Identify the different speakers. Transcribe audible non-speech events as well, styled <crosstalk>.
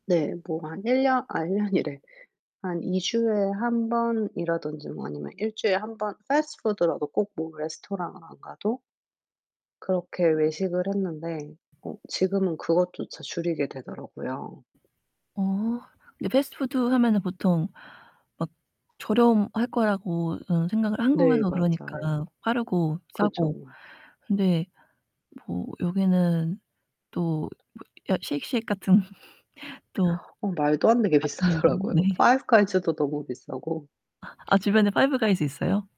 Speaker 1: 네. 뭐 한 1 년 아 1 년이래. 한 2 주에 1 번이라든지 뭐 아니면 1 주일에 1 번 패스트푸드라도 꼭 뭐 레스토랑을 안 가도 그렇게 외식을 했는데 어 지금은 그것조차 줄이게 되더라고요.
Speaker 2: 어. 근데 패스트푸드 하면은 보통 막 저렴할 거라고 음 생각을
Speaker 1: 네.
Speaker 2: 한국에서
Speaker 1: 맞아요.
Speaker 2: 그러니까 빠르고
Speaker 1: 그죠.
Speaker 2: 싸고 근데 뭐 여기는 또 뭐 여 쉐이크쉑 같은 <laughs> 또
Speaker 1: 어 말도 안 되게
Speaker 2: 맛있는 거
Speaker 1: 비싸더라고요.
Speaker 2: 네.
Speaker 1: 파이브 가이즈도 너무 비싸고.
Speaker 2: 아 주변에 파이브 가이즈 있어요?